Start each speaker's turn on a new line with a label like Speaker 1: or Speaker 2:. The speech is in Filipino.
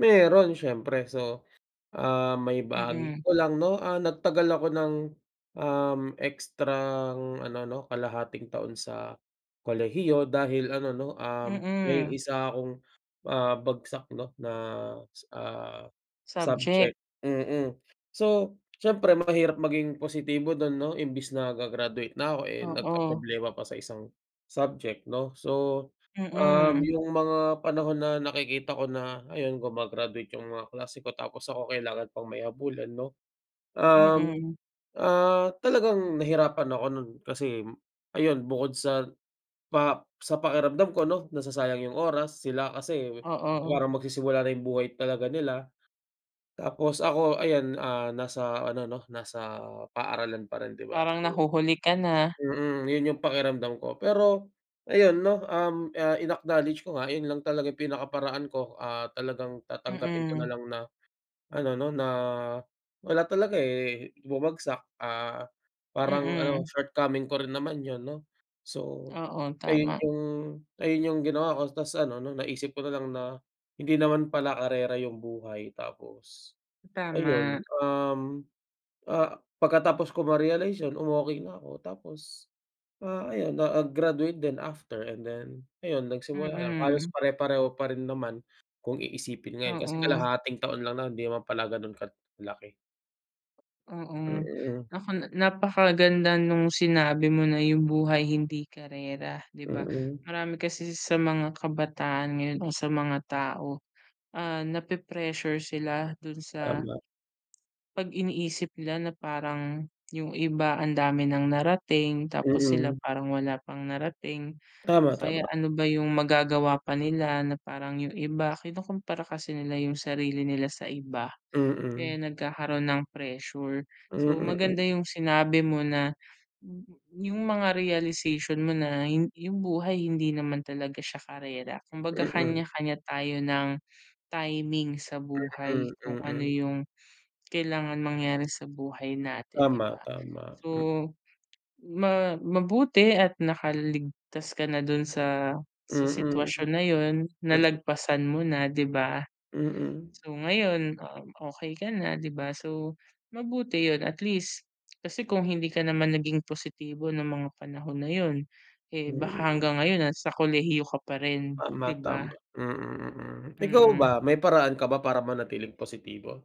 Speaker 1: Meron siyempre. So, ah, maibahagi
Speaker 2: Mm.
Speaker 1: ko lang, 'no, ah, nagtagal ako ng, um, ekstrang ano, 'no, kalahating taon sa kolehiyo dahil ano, 'no, um, may
Speaker 2: Mm.
Speaker 1: isa akong, ah, bagsak, 'no, na s na
Speaker 2: Subject.
Speaker 1: subject. Mm. So, siyempre mahirap maging positibo dun, 'no, imbes na ga-graduate na ako eh,
Speaker 2: Oo.
Speaker 1: nagkaproblema pa sa isang subject, 'no. So, um,
Speaker 2: Mm.
Speaker 1: yung mga panahon na nakikita ko na, ayun, guma-graduate yung mga kaklase ko tapos ako kailangan pang may habulin, 'no. Um,
Speaker 2: Mm.
Speaker 1: ah, talagang nahirapan ako nun kasi ayun bukod sa pa sa pakiramdam ko 'no, nasasayang yung oras. Sila kasi
Speaker 2: Oo.
Speaker 1: parang magsisimula na yung buhay talaga nila. Tapos ako ayan, ah, nasa ano 'no, nasa paaralan pa rin di ba?
Speaker 2: Parang
Speaker 1: So
Speaker 2: nahuhuli ka na.
Speaker 1: mhm, yun yung pakiramdam ko. Pero ayun, 'no, um, ah, in-acknowledge ko nga, yun lang talaga pinakaparaan ko. Ah, talagang tatanggapin ko na
Speaker 2: Mm.
Speaker 1: lang na ano, 'no, na, ah, wala talaga eh, bumagsak, ah, parang ano
Speaker 2: Mm.
Speaker 1: shortcoming ko rin naman yun, 'no. So
Speaker 2: Oo,
Speaker 1: ayun,
Speaker 2: tama.
Speaker 1: yung ayun yung ginawa ko tapos ano 'no, naisip ko na lang na, hindi naman pala karera yung buhay. Tapos, ayun,
Speaker 2: Tama.
Speaker 1: um, ah, pagkatapos ko ma-realize yun umokey na ako. Tapos, ah, ayun na ag graduate din after and then ayun, nagsimula lang halos
Speaker 2: Mm.
Speaker 1: pare-pareho pa rin naman kung iisipin ngayon kasi
Speaker 2: Oo.
Speaker 1: kalahating taon lang nun, hindi naman pala ganun kalaki.
Speaker 2: Oo.
Speaker 1: Mm.
Speaker 2: Naku na napakaganda nung sinabi mo na yung buhay hindi karera, di ba?
Speaker 1: Mm.
Speaker 2: Marami kasi sa mga kabataan ngayon o sa mga tao, ah, nape-pressure sila dun sa
Speaker 1: Tama.
Speaker 2: 'pag iniisip nila na parang yung iba ang dami ng narating, tapos sila
Speaker 1: Mm.
Speaker 2: parang wala pang narating, o
Speaker 1: Tama,
Speaker 2: kaya
Speaker 1: tama.
Speaker 2: ano ba yung magagawa pa nila na parang yung iba kinukompara kasi nila yung sarili nila sa iba kaya
Speaker 1: Mm.
Speaker 2: nagkakaroon ng pressure.
Speaker 1: Mm,
Speaker 2: So
Speaker 1: hmm.
Speaker 2: maganda yung sinabi mo na, yung mga realization mo na yu yung buhay hindi naman talaga siya karera. Kumbaga
Speaker 1: Mm.
Speaker 2: kanya-kanya tayo ng timing sa buhay
Speaker 1: Mm,
Speaker 2: kung ano
Speaker 1: mm.
Speaker 2: yung kailangan mangyari sa buhay natin, di
Speaker 1: Tama,
Speaker 2: ba?
Speaker 1: tama.
Speaker 2: So,
Speaker 1: Hmm.
Speaker 2: ma mabuti at nakaligtas ka na dun sa sa
Speaker 1: Mm.
Speaker 2: sitwasyon na yun
Speaker 1: Mm.
Speaker 2: nalagpasan mo na, di ba?
Speaker 1: Mm.
Speaker 2: So ngayon, ah, okey ka na, di ba? So, mabuti yun at least, kasi kung hindi ka naman naging positibo ng mga panahon na yun, eh baka
Speaker 1: Mm.
Speaker 2: hanggang ngayon nasa kolehiyo ka pa rin,
Speaker 1: Tama,
Speaker 2: di ba?
Speaker 1: tama. Mm, mm. Ikaw ba,
Speaker 2: Mm.
Speaker 1: may paraan ka ba para manatiling positibo?